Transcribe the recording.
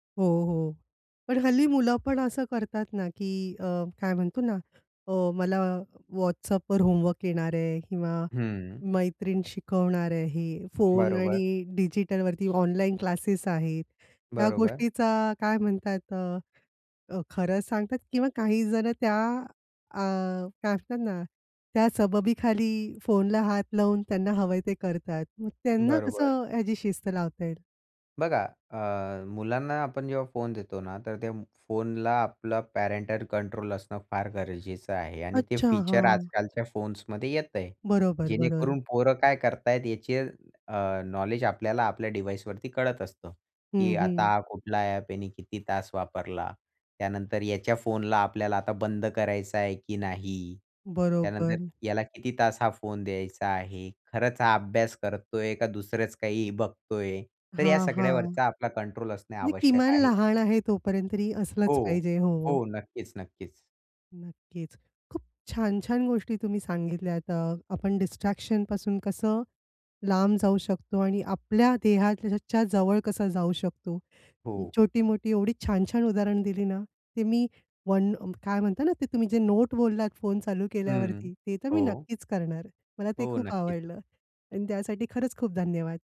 हो, हो. पण हल्ली मुलं पण असं करतात ना, की अ, काय म्हणतो ना अ, मला WhatsAppवर होमवर्क येणार आहे. किंवा हं. मैत्रीण शिकवणार आहे. हे फोन बरोबर. आणि डिजिटलवरती ऑनलाईन क्लासेस आहेत. त्या बरोबर. गोष्टीचा काय म्हणतात अ, खरंच सांगतात किंवा काही जण त्या अ, काय असतात ना, त्या सबबीखाली फोनला हात लावून त्यांना हवंय ते करतात. मग त्यांना बरोबर. कसं ह्याची शिस्त लावता येईल? बघा अ, मुलांना आपण जेव्हा फोन देतो ना, तर त्या फोनला आपलं पॅरेंटल कंट्रोल असणं फार गरजेचं आहे. आणि ते अच्छा. फीचर हां. आजकालच्या फोन्समध्ये येत आहे, बरोबर, बरोबर. जेणेकरून पोरं काय करत आहेत याचे अ, नॉलेज आपल्याला आपल्या डिव्हाइसवरती कळत असतं. हं, की हं. आता कुठला ॲप याने किती तास वापरला? त्यानंतर याच्या फोनला आपल्याला आता बंद करायचं आहे, की नाही? त्यानंतर बरोबर. याला किती तास हा फोन द्यायचा आहे? खरंच हा अभ्यास करतोय का दुसरंच काही बघतोय? तर या हां, हां. सगळ्यावरचा आपला कंट्रोल असणे म्हणजे आवश्यक किमान आहे. लहान आहे तोपर्यंत तरी असलंच हो, पाहिजे हो. हो. नक्कीच नक्कीच. नक्कीच. खूप छान छान गोष्टी तुम्ही सांगितल्यात, अ आपण डिस्ट्रॅक्शन पासून कसं लांब जाऊ शकतो आणि आपल्या देहाच्या [unintelligible] जवळ कसं जाऊ शकतो? हो. छोटी-मोठी एवढी छान छान उदाहरण दिली ना, ते मी वन काय म्हणता ना, ते तुम्ही जे नोट बोललात फोन चालू हं, केल्यावरती ते तर मी हो. नक्कीच करणार. मला ते हो. खूप नक्कीच. आवडलं. आणि त्यासाठी खरंच खूप धन्यवाद.